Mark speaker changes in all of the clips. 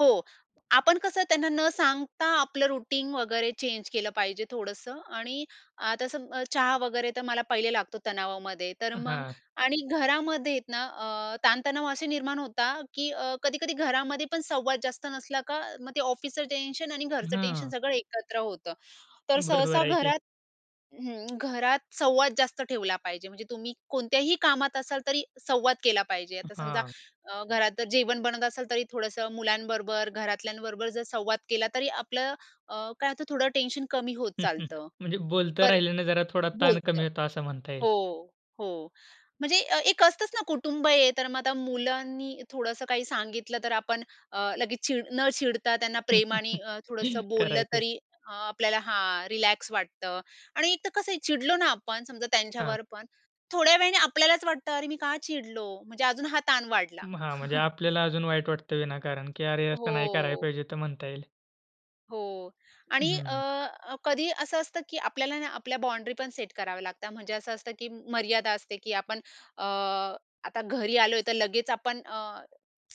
Speaker 1: हो, आपण कसं त्यांना न सांगता आपलं रुटीन वगैरे चेंज केलं पाहिजे थोडंसं. आणि आता सम चहा वगैरे तर मला पहिले लागतो तणावामध्ये, तर
Speaker 2: अ,
Speaker 1: मग
Speaker 2: हां.
Speaker 1: आणि घरामध्ये ना, अ, ताणतणाव असे निर्माण होतात, की अ, कधी-कधी घरामध्ये पण संवाद जास्त नसला का, मग ते ऑफिसचं टेन्शन आणि घरचं टेन्शन
Speaker 2: हं.
Speaker 1: सगळं एकत्र होतं. तर सहसा
Speaker 2: बरोबर आहे की.
Speaker 1: घरात हं, घरात संवाद जास्त ठेवला पाहिजे. म्हणजे तुम्ही कोणत्याही कामात असाल, तरी संवाद केला पाहिजे. आता समजा,
Speaker 2: हां.
Speaker 1: अ, घरात जर जेवण बनत असल, तरी थोडंसं मुलांबरोबर, घरातल्यांबरोबर जर संवाद केला, तरी आपलं अ, काय होतं, थोडं टेन्शन कमी होत चालतं.
Speaker 2: म्हणजे बोलतं
Speaker 1: पण
Speaker 2: राहिल्याने जरा थोडा ताण
Speaker 1: बोलतं
Speaker 2: कमी होतो असं म्हणता येईल.
Speaker 1: हो, हो. म्हणजे अ, एक असतंच ना, कुटुंब आहे. तर मग आता मुलांनी थोडंसं काही सांगितलं, तर आपण अ, लगेच चीड न चिडता त्यांना प्रेमानी अ, थोडंसं
Speaker 2: खरं
Speaker 1: बोललं,
Speaker 2: आहे की.
Speaker 1: तरी अ, आपल्याला हां, रिलॅक्स वाटतं. आणि एक तर कसं आहे, चिडलो ना आपण समजा
Speaker 2: हां.
Speaker 1: त्यांच्यावर पण, थोड्या वेळाने आपल्यालाच वाटतं, "अरे, मी का चिडलो?" म्हणजे अजून हा ताण वाढला.
Speaker 2: हां, म्हणजे आपल्याला अजून वाईट वाटतं विनाकारण की "अरे, असं नाही करायला
Speaker 1: हो.
Speaker 2: पाहिजे ते" म्हणता येईल.
Speaker 1: हो. आणि
Speaker 2: हम्म.
Speaker 1: अ, कधी असं असतं, की आपल्याला ना आपल्या बाउंडरी पण सेट कराव्या लागतात. म्हणजे असं असतं, की मर्यादा असते की आपण अ, आता घरी आलोय, तर लगेच आपण अ,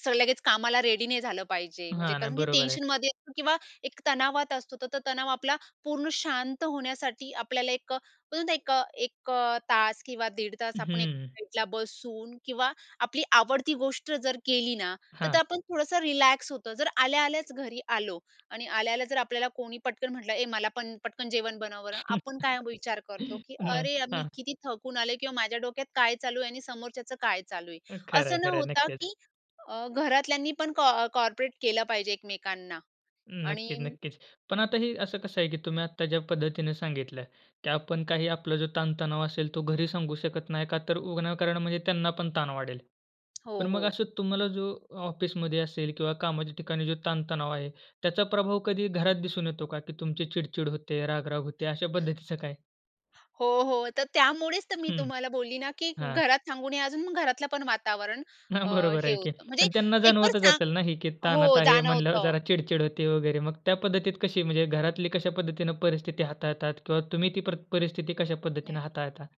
Speaker 1: स लगेच कामाला रेडी नाही झालं पाहिजे. म्हणजे
Speaker 2: हां, नाही
Speaker 1: कारण की
Speaker 2: बरोबर आहे.
Speaker 1: टेन्शनमध्ये असतो किंवा एक तणावात असतो. तर तो तणाव आपला पूर्ण शांत होण्यासाठी आपल्याला 1 अ, आपण बोलतो ना 1 अ, 1 अ, तास किंवा दीड तास आपण एक
Speaker 2: हम्म.
Speaker 1: साईडला बसून किंवा आपली आवडती गोष्ट जर केली ना, तर
Speaker 2: हां.
Speaker 1: आपण थोडंसं रिलॅक्स होतो. जर आल्या-आल्याच घरी आलो आणि आल्या-आल्या जर आपल्याला कोणी पटकन म्हटलं, "ए मला पण पटकन जेवण बनवं बर." आपण काय विचार करतो. की
Speaker 2: नाही.
Speaker 1: "अरे यार, मी
Speaker 2: हां.
Speaker 1: किती थकून आलेय," किंवा "माझ्या डोक्यात काय चालू आहे आणि समोरच्याचं काय चालू आहे."
Speaker 2: खरंय,
Speaker 1: असं न
Speaker 2: खरंय.
Speaker 1: होता
Speaker 2: नक्कीच.
Speaker 1: की अ, घरातल्यांनी पण कॉ कोऑपरेट केलं पाहिजे एकमेकांना
Speaker 2: हं,
Speaker 1: आणि
Speaker 2: नक्कीच, नक्कीच. पण आता ही असं कसं आहे की तुम्ही आता ज्या पद्धतीने सांगितल, की आपण काही आपला जो ताणतणाव असेल तो घरी सांगू शकत नाही, का तर विनाकारण म्हणजे त्यांना पण ताण वाढेल.
Speaker 1: हो,
Speaker 2: पण मग
Speaker 1: हो.
Speaker 2: असं तुम्हाला जो ऑफिसमध्ये असेल किंवा कामाच्या ठिकाणी जो ताण-तणाव आहे, त्याचा प्रभाव कधी घरात दिसून येतो का? की तुमची चिडचिड होते, राग-राग होते? अशा पद्धतीचं काय?
Speaker 1: हो, हो, तर त्यामुळेच तर मी
Speaker 2: हं,
Speaker 1: तुम्हाला बोलली ना, की
Speaker 2: हां.
Speaker 1: घरात सांगू नये. अजून मग घरातलं पण वातावरण
Speaker 2: हां,
Speaker 1: अ,
Speaker 2: बरोबर
Speaker 1: हे
Speaker 2: आहे की.
Speaker 1: होतं. म्हणजे
Speaker 2: पण त्यांना
Speaker 1: एक वर
Speaker 2: जाणवतच
Speaker 1: सांग
Speaker 2: असेल ना, ही की ताणात
Speaker 1: हो,
Speaker 2: आहे म्हणल्यावर,
Speaker 1: जाणवतं.
Speaker 2: जरा चिडचिड होते वगैरे. मग त्या पद्धतीत कशी म्हणजे घरातली कशापद्धतीने परिस्थिती हाताळतात किंवा तुम्ही ती प्रत परिस्थिती कशापद्धतीने
Speaker 1: नाही.
Speaker 2: हाताळता?